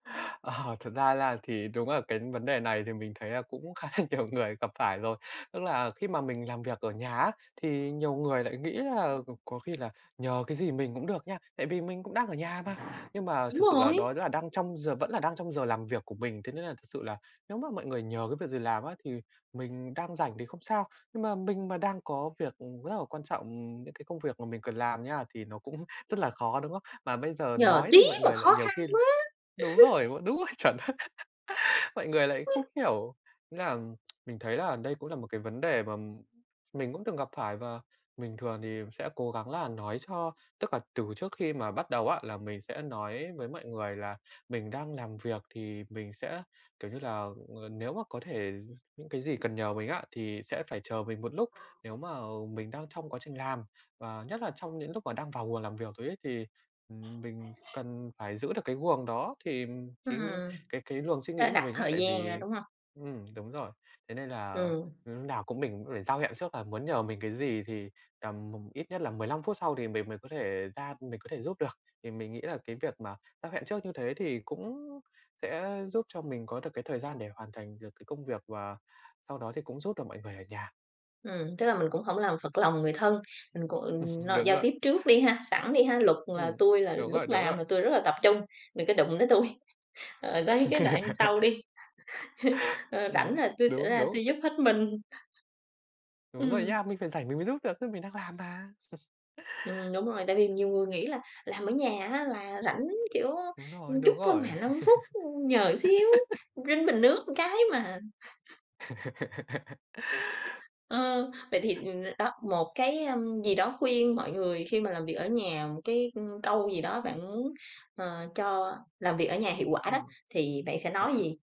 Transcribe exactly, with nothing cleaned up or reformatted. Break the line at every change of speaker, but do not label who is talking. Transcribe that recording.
Ờ, thật ra là thì đúng là cái vấn đề này thì mình thấy là cũng khá là nhiều người gặp phải rồi. Tức là khi mà mình làm việc ở nhà á, thì nhiều người lại nghĩ là c có khi là nhờ cái gì mình cũng được nha, tại vì mình cũng đang ở nhà mà, nhưng mà
Đúng
thực sự là
rồi!
đó là đang trong giờ vẫn là đang trong giờ làm việc của mình. Thế nên là thực sự là nếu mà mọi người nhờ cái việc gì làm á thì mình đang rảnh thì không sao, nhưng mà mình mà đang có việc, ừm, rất là quan trọng, ừm, những cái công việc mà mình cần làm nha, thì nó cũng rất là khó, đúng không? Mà bây giờ
"Nhờ
nói thì
tí
mọi
mà
người lại
khó
nhiều
khăn
khi l
quá!"
đúng rồi, m đúng rồi, chuẩn đấy, mọi người lại không hiểu, nghĩa là mình thấy là đây cũng là một cái vấn đề mà m mình cũng từng gặp phải và bình thường thì sẽ cố gắng là nói cho tức là từ trước khi mà bắt đầu á là mình sẽ nói với mọi người là mình đang làm việc, thì mình sẽ, kiểu như là, ờ, nếu mà có thể d những cái gì cần nhờ mình á, thì sẽ phải chờ mình một lúc. Nếu mà mình đang trong quá trình làm, và nhất là trong những lúc mà đang vào guồng làm việc rồi ấy, thì, ừm, mình cần phải giữ được cái guồng đó, thì thì, ừm,
Ừm,
cái cái luồng suy nghĩ
phải
của
đặt
mình á,
thời
tại
gian ra,
vì
đúng hông?
ừm, đúng rồi, thế nên là
Ừm.
lúc nào cũng mình ữm phải giao hẹn trước là muốn nhờ mình cái gì thì tầm, ừm, ít nhất là mười lăm phút sau thì mình mới có thể ra mình có thể giúp được. Thì mình nghĩ là cái việc mà giao hẹn trước như thế thì cũng sẽ giúp cho mình có được cái thời gian để hoàn thành được cái công việc và sau đó thì cũng giúp được mọi người ở nhà.
Ừm, tức là mình cũng hổng làm phật lòng người thân, mình cũng no
Đúng
giao
rồi.
tiếp trước đi ha, sẵn đi ha! Luật là
Ừm,
tui là
đúng
lúc
rồi, đúng
làm
rồi!
là tui rất là tập trung, đừng có đụng tới tui. Rồi tới cái đoạn sau đi, ờ, rảnh
Ừm,
là tui sẽ
đúng,
ra
đúng!
tui giúp hết mình.
Đúng rồi
Ừm.
nhá! Mình phải rảnh mình mới giúp được, chứ mình đang làm mà.
Ừm, đúng rồi, tại vì nhiều người nghĩ là làm ở nhà á là rảnh, kiểu,
Đúng rồi,
ừm, chút
đúng
thôi
rồi!
mà, năm phút, ừm, nhờ xíu, rinh bình nước ừn cái mà. Ờ, vậy thì, ừm, đó, một cái, ơm, gì đó, khuyên mọi người khi mà làm việc ở nhà, một cái, ừm, câu gì đó bạn muốn, ờ, cho làm việc ở nhà hiệu quả đó,
Ừm
thì bạn sẽ nói
[unintelligible]
gì?